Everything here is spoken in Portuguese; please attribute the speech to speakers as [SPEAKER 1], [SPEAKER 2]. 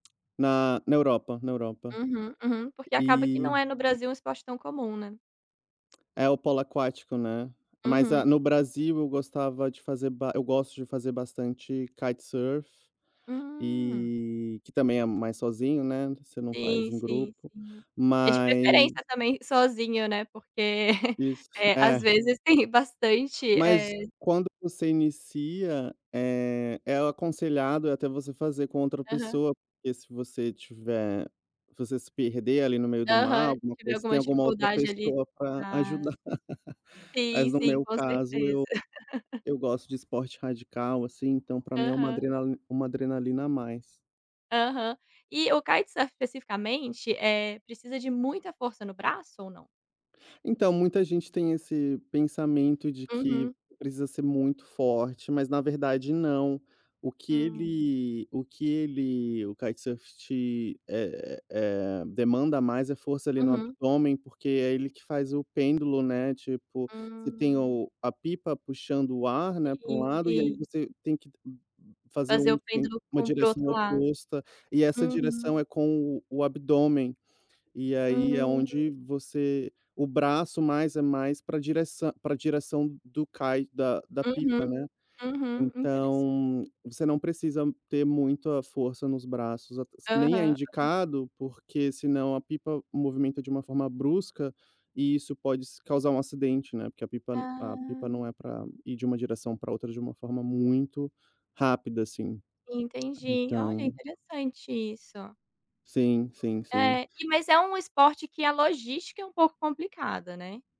[SPEAKER 1] Na na Europa, na Europa,
[SPEAKER 2] Uhum, uhum, porque
[SPEAKER 1] e
[SPEAKER 2] acaba que não é no Brasil um esporte tão comum, né.
[SPEAKER 1] É, o polo aquático, né, mas
[SPEAKER 2] Uhum.
[SPEAKER 1] a no Brasil eu gostava de fazer ba eu gosto de fazer bastante kitesurf
[SPEAKER 2] Hum.
[SPEAKER 1] e que também é mais sozinho, né, você não faz
[SPEAKER 2] Sim,
[SPEAKER 1] em
[SPEAKER 2] sim,
[SPEAKER 1] grupo
[SPEAKER 2] sim, é de preferência
[SPEAKER 1] mas
[SPEAKER 2] também sozinho, né, porque,
[SPEAKER 1] Isso,
[SPEAKER 2] eh, às
[SPEAKER 1] é.
[SPEAKER 2] vezes, tem bastante,
[SPEAKER 1] Mas
[SPEAKER 2] eh
[SPEAKER 1] quando você inicia, eh, é aconselhado até você fazer com outra
[SPEAKER 2] Aham.
[SPEAKER 1] pessoa, porque se você tiver você se perder ali no meio do mar
[SPEAKER 2] Aham, se
[SPEAKER 1] alguma
[SPEAKER 2] tiver
[SPEAKER 1] coisa, você
[SPEAKER 2] alguma
[SPEAKER 1] tem alguma outra
[SPEAKER 2] dificuldade ali
[SPEAKER 1] pessoa pra
[SPEAKER 2] na
[SPEAKER 1] ajudar.
[SPEAKER 2] sim,
[SPEAKER 1] Mas no
[SPEAKER 2] sim,
[SPEAKER 1] meu
[SPEAKER 2] com
[SPEAKER 1] caso
[SPEAKER 2] certeza.
[SPEAKER 1] eu eu gosto de esporte radical, assim, então pra mim é uma
[SPEAKER 2] Aham.
[SPEAKER 1] adrenali uma adrenalina a mais.
[SPEAKER 2] Aham, e o kitesurf, especificamente, eh, precisa de muita força no braço ou não?
[SPEAKER 1] Então, muita gente tem esse pensamento de que
[SPEAKER 2] Uhum.
[SPEAKER 1] precisa ser muito forte, mas, na verdade, não. O que
[SPEAKER 2] Hum.
[SPEAKER 1] ele o que ele o kitesurf te é é é demanda mais é força ali no
[SPEAKER 2] Uhum.
[SPEAKER 1] abdômen, porque é ele que faz o pêndulo, né? Tipo, você tem
[SPEAKER 2] Hum.
[SPEAKER 1] a pipa puxando o ar, né, para um
[SPEAKER 2] Sim
[SPEAKER 1] lado, e aí
[SPEAKER 2] sim.
[SPEAKER 1] você tem que fazer
[SPEAKER 2] Fazer
[SPEAKER 1] um
[SPEAKER 2] o
[SPEAKER 1] assim,
[SPEAKER 2] pêndulo
[SPEAKER 1] uma
[SPEAKER 2] com para o
[SPEAKER 1] direção
[SPEAKER 2] outro lado,
[SPEAKER 1] oposta. E essa
[SPEAKER 2] uhum.
[SPEAKER 1] direção é com o abdômen. E, aí é
[SPEAKER 2] Hum.
[SPEAKER 1] onde você o braço é mais para a direção para a direção do Kite da da
[SPEAKER 2] Uhum,
[SPEAKER 1] pipa, né.
[SPEAKER 2] uhum, interessante.
[SPEAKER 1] Então, você não precisa ter muita força nos braços ate se nem é
[SPEAKER 2] Aham.
[SPEAKER 1] indicado, porque, senão, a pipa se movimenta de uma forma brusca e isso pode se causar um acidente, né, porque a pipa a pipa não é
[SPEAKER 2] Ah.
[SPEAKER 1] para ir de uma direção para outra de uma forma muito rápida, assim.
[SPEAKER 2] Entendi. Olha!
[SPEAKER 1] Então
[SPEAKER 2] Interessante isso.
[SPEAKER 1] Sim, sim.
[SPEAKER 2] É, e mas é um esporte que a logística é um pouco complicada, né?